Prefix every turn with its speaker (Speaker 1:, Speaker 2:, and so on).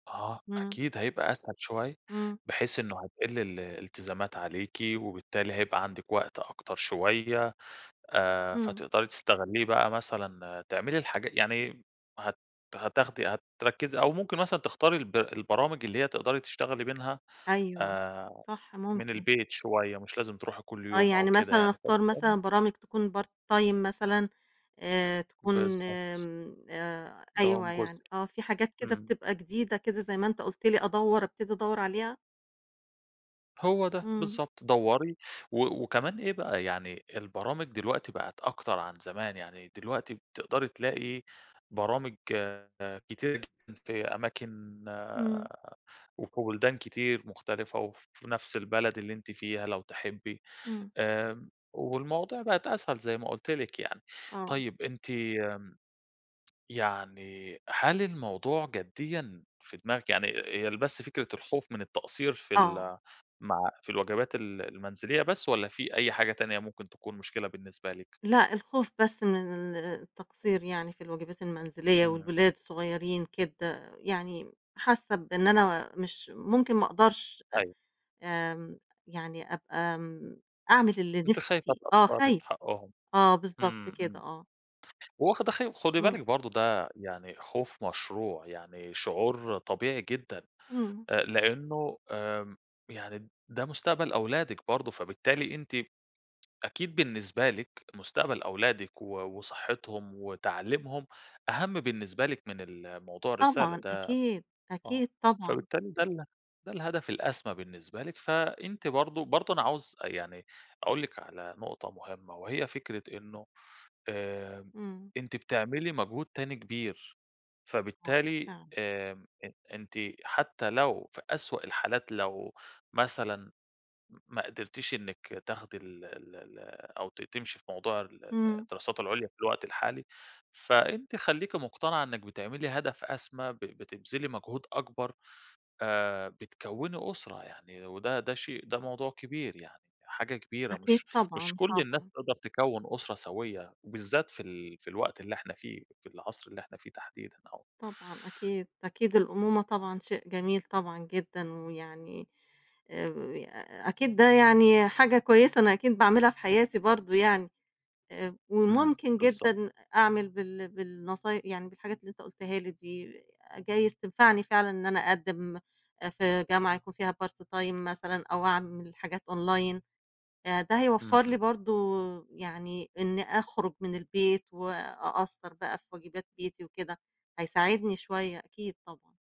Speaker 1: آه
Speaker 2: إمم.
Speaker 1: أكيد هيبقى أسهل شوية،
Speaker 2: إمم.
Speaker 1: بحيث إنه هتقِل ال الإلتزامات عليكِ، وبالتالي هيبقى عَندِك وقت أكتر شوية آآ،
Speaker 2: إمم.
Speaker 1: فتقدَري تستغلّيه بقى، مثلًا تعملي الحاجا يعني هت هتاخدي هتركّزي أو ممكن مثلًا تختاري الب البرامج اللي هي تقدرَي تشتغلي منها
Speaker 2: أيوه
Speaker 1: آآ
Speaker 2: صح،
Speaker 1: من
Speaker 2: ممكن.
Speaker 1: البيت شوية، مش لازم تروحي كلّ
Speaker 2: آه،
Speaker 1: يوم أو
Speaker 2: يعني
Speaker 1: كده
Speaker 2: مثلًا
Speaker 1: يعني.
Speaker 2: اختار مثلًا
Speaker 1: [unintelligible]
Speaker 2: برامج تكون part time مثلًا آآ تكون
Speaker 1: بالضبط.
Speaker 2: آمم، آآ
Speaker 1: دوام
Speaker 2: أيوه يعني،
Speaker 1: جزئي
Speaker 2: آه في حاجات كده
Speaker 1: إمم.
Speaker 2: بتبقى جديدة كده زي ما أنت قُلت لي أدوّر ابتدي أدوّر عليها؟
Speaker 1: هو ده
Speaker 2: إمم.
Speaker 1: بالضبط، دوّري و وكمان إيه بقى، يعني البرامج دلوقتي بقِت أكتر عن زمان يعني دلوقتي بتقدَري تلاقي برامج كتيرة جدًا في أماكن
Speaker 2: إمم.
Speaker 1: وفي بُلدان كتير مختلِفة وفي نفس البلد اللي أنتِ فيها لو تحبّي
Speaker 2: إمم.
Speaker 1: آمم، والمواضيع بقِت أسهل زي ما قُلت لِك يعني.
Speaker 2: آه.
Speaker 1: طيب أنتِ امم، يعني هل الموضوع جديًا في دماغِك، يعني إ إ هي ال بس فكرة الخوف من التقصير في
Speaker 2: آه.
Speaker 1: ال مع في الواجبات ال المنزلية بس والّا في أي حاجة تانية ممكن تكون مشكلة بالنسبة لِك؟
Speaker 2: لأ الخوف بس من التقصير يعني في الواجبات المنزلية
Speaker 1: إمم.
Speaker 2: والولاد الصغيّرين كده، يعني حاسّة بإن أنا مش ممكن، ما اقدَرش أ
Speaker 1: أيوه.
Speaker 2: آمم يعني أبقى م أعمل اللي
Speaker 1: أنتِ
Speaker 2: نِفسي
Speaker 1: خايفة
Speaker 2: فيه، آه
Speaker 1: تقصّري في
Speaker 2: خايفة،
Speaker 1: حقهم
Speaker 2: آه بالضبط
Speaker 1: إمم،
Speaker 2: كده،
Speaker 1: إمم،
Speaker 2: آه.
Speaker 1: وواخدة خ خُدي بالِك
Speaker 2: إمم.
Speaker 1: برضه ده يعني خوف مشروع يعني شعور طبيعي جدًا
Speaker 2: إمم.
Speaker 1: آآ، لإنه آمم، يعني ده مستقبَل أولادِك برضه، فبالتالي أنتِ أكيد بالنسبة لِك مستقبَل أولادِك و وصحِّتهم وتعليمهم أهَم بالنسبة لِك من ال موضوع الرسالة
Speaker 2: طبعًا،
Speaker 1: ده،
Speaker 2: أكيد،
Speaker 1: آه
Speaker 2: أكيد، طبعًا.
Speaker 1: فبالتالي ده ال ده الهدف الأسمى بالنسبة لِك فأنتِ برضه برضه أنا عاوز أ يعني أقول لِك على نقطة مُهمّة وهي فكرة إنه آمم،
Speaker 2: إمم.
Speaker 1: أنتِ بتعملي مجهود تاني كبير
Speaker 2: آه
Speaker 1: فبالتالي
Speaker 2: فعلًا.
Speaker 1: آمم، أ أنتِ حتى لو في أسوأ الحالات، لو مثلًا م ما قدِرتيش إنِك تاخدي ال ال ال أو ت تمشِي في موضوع ال ال
Speaker 2: إمم.
Speaker 1: الدراسات العُليا في الوقت الحالي فأنتِ خلّيكِ مقتنِعة إنِّك بتعملي هدف أسمى، ب بتبذلي مجهود أكبر آآ، بتكوّني أُسرة يعني وده ده شيء ده موضوع كبير يعني، حاجة كبيرة
Speaker 2: أكيد،
Speaker 1: مش مش
Speaker 2: طبعًا،
Speaker 1: كلّ الناس
Speaker 2: طبعًا.
Speaker 1: هتقدَر تكوّن أُسرة سويّة وبالذات في ال في الوقت اللي إحنا فيه، في العصر اللي إحنا فيه تحديدًا أو
Speaker 2: طبعًا، أكيد، أكيد، الأمومة طبعًا شيء جميل طبعًا جدًا، ويعني أو يا أكيد ده يعني حاجة كويسة أنا أكيد باعملها في حياتي برضه، يعني آآ ب
Speaker 1: إمم،
Speaker 2: وممكن
Speaker 1: بالضبط.
Speaker 2: جدًا أ أعمل بال بالنصاي يعني بالحاجات اللي أنت قُلتها لي دي جايز تنفَعني فعلًا إن أنا اقدِّم أ في جامعة يكون فيها part time مثلًا أو اعمل حاجات online آآ ده
Speaker 1: إمم،
Speaker 2: هيوفّر لي
Speaker 1: إمم.
Speaker 2: برضه، يعني إنّي أخرُج من البيت وأقصّر بقى في واجِبات بيتي وكده هيساعدني شوية أكيد طبعًا.